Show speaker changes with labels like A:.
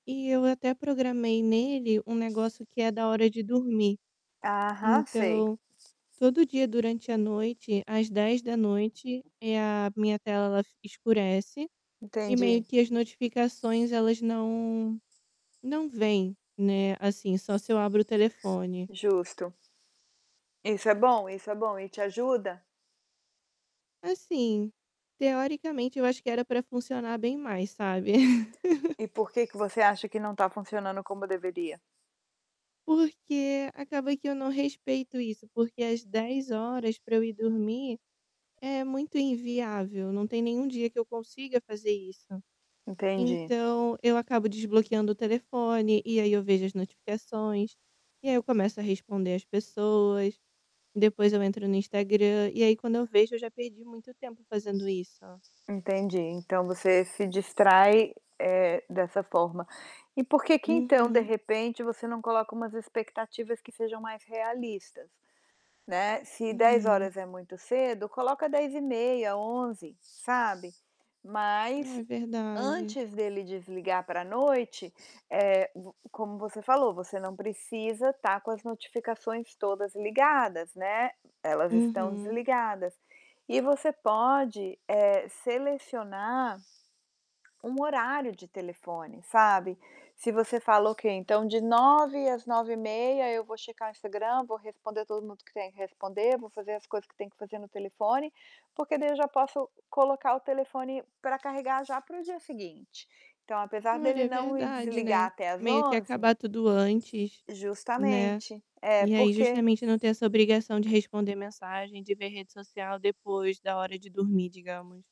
A: E eu até programei nele um negócio que é da hora de dormir.
B: Aham, sei.
A: Então, todo dia durante a noite, às 22h, eh, a minha tela escurece e meio
B: Entendi.
A: que as notificações elas não não vêm, né, assim, só se eu abro o telefone.
B: Justo. Isso é bom, isso é bom. E te ajuda?
A: Assim, teoricamente, eu acho que era pra funcionar bem mais, sabe.
B: E por que que você acha que não tá funcionando como deveria?
A: Porque acaba que eu não respeito isso, porque às 22h pra eu ir dormir é muito inviável, não tem nenhum dia que eu consiga fazer isso.
B: Entendi.
A: Então eu acabo desbloqueando o telefone e aí eu vejo as notificações. E aí eu começo a responder as pessoas, depois eu entro no Instagram, e aí quando eu vejo eu já perdi muito tempo fazendo isso.
B: Entendi. Então você se distrai, eh, dessa forma. E por que que então, de
A: Uhum.
B: repente, você não coloca umas expectativas que sejam mais realistas? Né, se dez
A: Hum.
B: horas é muito cedo, coloca 22h30, 23h, sabe. Mas
A: É verdade.
B: antes dele desligar pra noite, eh, v como você falou, você não precisa tá com as notificações todas ligadas, né, elas estão
A: Uhum.
B: desligadas. E você pode, eh, selecionar um horário de telefone, sabe, se você fala: "Ok, então de 21h às 21h30 eu vou checar Instagram, vou responder todo mundo que tem que responder, vou fazer as coisas que tenho que fazer no telefone, porque daí eu já posso colocar o telefone pra carregar já para o dia seguinte". Então apesar
A: Olha,
B: dele
A: é
B: não ir
A: verdade,
B: desligar
A: né,
B: até às
A: meio que
B: 23h.
A: acabar tudo antes, né,
B: Justamente. É,
A: e aí
B: porque
A: justamente não ter essa obrigação de responder mensagem, de ver rede social depois da hora de dormir, digamos.